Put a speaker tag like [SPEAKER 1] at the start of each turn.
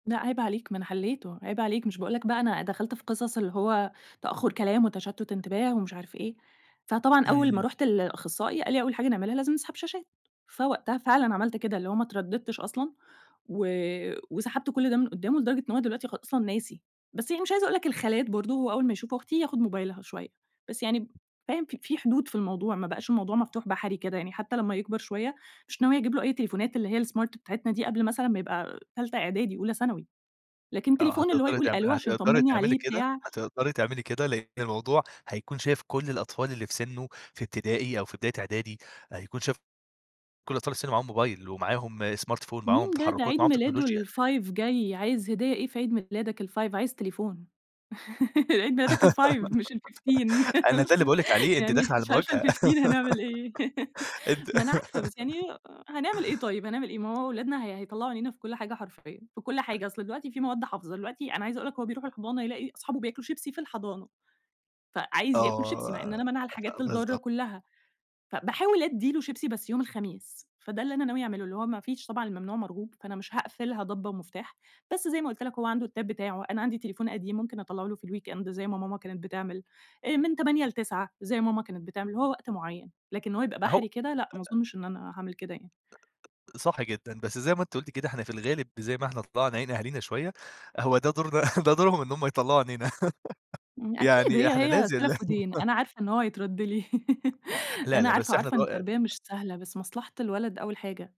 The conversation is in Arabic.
[SPEAKER 1] لأ عيب عليك ما أنا حلّيته، عيب عليك مش باقول لك بقى أنا دخلت في قصص اللي هو تأخُّر كلام وتشتُّت انتباه ومش عارف إيه. فطبعًا أول ما
[SPEAKER 2] إمم.
[SPEAKER 1] رُحت لأخصّائي قال لي: "أول حاجة نعملها لازم نسحب شاشات." فوقتها فعلًا عملت كده، اللي هو ما اتردّدتش أصلًا، و وسحبت كل ده من قُدّامه لدرجة إن هو دلوقتي خ أصلًا ناسي. بس هي مش عايزة أقول لك الخالات برضه هو أول ما يشوف أختي ياخُد موبايلها شوية، بس يعني ب فاهم؟ ف في حدود في الموضوع، ما بقاش الموضوع مفتوح بحري كده. يعني حتى لمّا يكبر شوية، مش ناوية أجيب له أي تليفونات اللي هي الsmart بتاعتنا دي قبل مثلًا ما يبقى تالتة إعدادي، أولى ثانوي. لكن
[SPEAKER 2] آه.
[SPEAKER 1] التليفون اللي هو
[SPEAKER 2] هتقدري
[SPEAKER 1] يقول
[SPEAKER 2] تعم
[SPEAKER 1] ألو عشان
[SPEAKER 2] هتقدري
[SPEAKER 1] يطمّني
[SPEAKER 2] تعملي
[SPEAKER 1] عليه
[SPEAKER 2] كده؟
[SPEAKER 1] بتاع
[SPEAKER 2] هتقدري تعملي كده؟ لإن الموضوع هيكون شايف كل الأطفال اللي في سِنُّه في إبتدائي أو في بداية إعدادي، هيكون شاف كل الأطفال اللي في سِنُّه معاهم موبايل ومعاهم smart phone، معاهم
[SPEAKER 1] مين ده؟ ده
[SPEAKER 2] تحرُّكات،
[SPEAKER 1] عيد
[SPEAKER 2] معاهم تكنولوجيا.
[SPEAKER 1] ميلاده ال5 جاي، عايز هدية إيه في عيد ميلادك ال5؟ عايز تليفون. عيد ميلادك ال5 مش ال15.
[SPEAKER 2] أنا ده اللي باقول لِك عليه، أنتِ
[SPEAKER 1] يعني
[SPEAKER 2] داخلة على
[SPEAKER 1] مش عارفة
[SPEAKER 2] مواجهة.
[SPEAKER 1] ال15 هنعمل إيه؟
[SPEAKER 2] أنتِ
[SPEAKER 1] ما أنا عارفة بس يعني أ هنعمل إيه طيب، هنعمل إيه؟ ما هو أولادنا هي هيطلّعوا عينينا في كل حاجة حرفيًا في كل حاجة. أصل دلوقتي في مواد حافظة، دلوقتي أنا عايزة أقول لك هو بيروح الحضانة يلاقي أصحابه بياكلوا شيبسي في الحضانة. فعايز ياكل شيبسي مع إن
[SPEAKER 2] آه،
[SPEAKER 1] أنا مانعة الحاجات الضارة
[SPEAKER 2] فبالضبط.
[SPEAKER 1] كُلّها. فباحاول أدّي له شيبسي بس يوم الخميس، فده اللي أنا ناوية أعمله، اللي هو ما فيش طبعًا الممنوع مرغوب، فأنا مش هاقفلها ضبّة ومفتاح. بس زي ما قُلت لك هو عنده التاب بتاعه، أنا عندي تليفون قديم ممكن أطَلّعه له في الweekend زي ما ماما كانت بتعمل. آآ من 20:00 ل21:00 زي ما ماما كانت بتعمل، هو وقت معيّن. لكن إن هو يبقى
[SPEAKER 2] أهو
[SPEAKER 1] بحري كده لأ، ما
[SPEAKER 2] أ
[SPEAKER 1] أظُنّش إن أنا هاعمل كده يعني.
[SPEAKER 2] صح جدًا. بس زي ما أنتِ قُلتِ كده إحنا في الغالب زي ما إحنا طلّعنا عين أهالينا شوية، هو ده دورنا ده دورهم إن هم يطلّعوا عينينا.
[SPEAKER 1] ن أكيد
[SPEAKER 2] يعني
[SPEAKER 1] وهي
[SPEAKER 2] إحنا
[SPEAKER 1] هي
[SPEAKER 2] لازم لا
[SPEAKER 1] سَلَف ودين، أنا عارفة إن هو هيترَد لي.
[SPEAKER 2] لا،
[SPEAKER 1] أنا
[SPEAKER 2] لا بس
[SPEAKER 1] عارفة،
[SPEAKER 2] إحنا
[SPEAKER 1] وعارفة إن التربية
[SPEAKER 2] [unintelligible]
[SPEAKER 1] مش سهلة، بس مصلحة الولد أول حاجة.